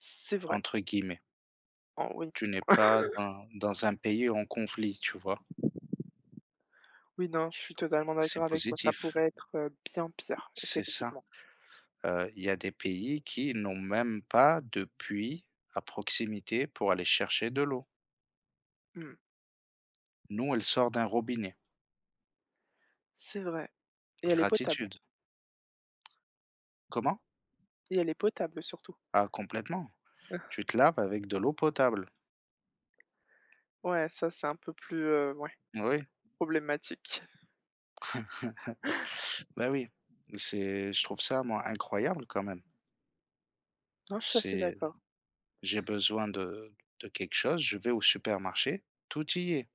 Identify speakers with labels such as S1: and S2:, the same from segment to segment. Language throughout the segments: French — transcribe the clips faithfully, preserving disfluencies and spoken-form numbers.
S1: C c'est vrai.
S2: Entre guillemets.
S1: Anh oui.
S2: Tu n'es pas dans dans un pays en conflit, tu vois?
S1: Oui non, je suis totalement
S2: C'est
S1: d'accord avec toi, ça
S2: positif.
S1: pourrait être, heu, bien pire
S2: C'est ça.
S1: effectivement.
S2: Heu, il y a des pays qui n'ont même pas de puits à proximité pour aller chercher de l'eau!
S1: Mmh.
S2: Nous, elle sort d'un robinet.
S1: C'est vrai et elle est potable!
S2: Gratitude. Comment?
S1: Et elle est potable surtout.
S2: Ah complètement. Tu te laves avec de l'eau potable!
S1: Ouais, ça c'est un peu plus, heu, ouais,
S2: Oui.
S1: problématique.
S2: Bah oui, c'est je trouve ça moi incroyable quand même.
S1: Non je suis assez
S2: C'est
S1: d'accord.
S2: j'ai besoin de de quelque chose, je vais au supermarché, tout y est.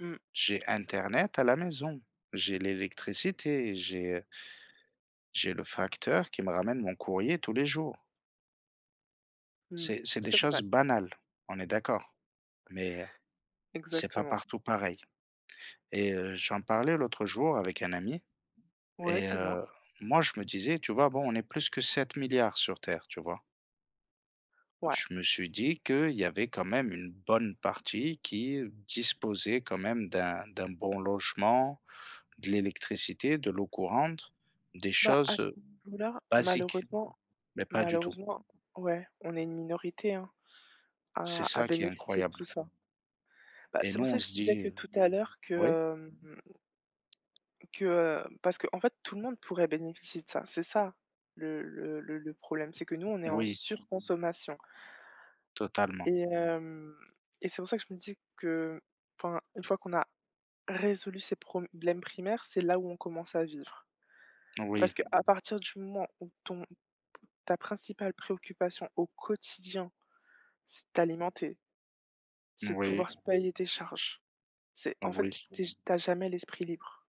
S1: Mmh.
S2: J'ai internet à la maison, j'ai l'électricité, j'ai, heu j'ai le facteur qui me ramène mon courrier tous les jours!
S1: Mmh
S2: C'est c'est des
S1: c'est vrai.
S2: choses banales, on est d'accord, mais heu, c'est pas
S1: Exactement.
S2: partout pareil et heu, j'en parlais l'autre jour avec un ami
S1: Ouais
S2: et
S1: dis-moi.
S2: heu, moi je me disais: «Tu vois, bon, on est plus que sept milliards sur terre», tu vois?
S1: Ouais.
S2: Je me suis dit qu'il y avait quand même une bonne partie qui disposait quand même d'un d'un bon logement, de l'électricité, de l'eau courante, des
S1: Bah, à
S2: choses,
S1: ce
S2: heu,
S1: niveaux là
S2: basiques,
S1: malheureusement
S2: mais pas du tout!
S1: malheureusement ouais, on est une minorité, hein,
S2: C'est
S1: à à
S2: ça qui est
S1: bénéficier de
S2: incroyable.
S1: tout ça. Bah,
S2: Et
S1: c'est
S2: nous,
S1: pour ça
S2: on
S1: que je
S2: se
S1: te disais
S2: dit,
S1: que
S2: heu
S1: tout à l'heure que,
S2: oui?
S1: hem que, heu, parce qu'en fait tout le monde pourrait bénéficier de ça. C'est ça le le le le problème, c'est que nous on est en
S2: Oui.
S1: surconsommation
S2: Totalement.
S1: et hem, et c'est pour ça que je me disais que enfin, une fois qu'on a résolu ces problèmes primaires, c'est là où on commence à vivre. Parce
S2: Oui.
S1: qu'à partir du moment où ton ta principale préoccupation au quotidien c'est de t'alimenter c'est de
S2: Oui.
S1: pouvoir s payer tes charges. C'est en fait,
S2: Oui.
S1: tu es j tu as jamais l'esprit libre.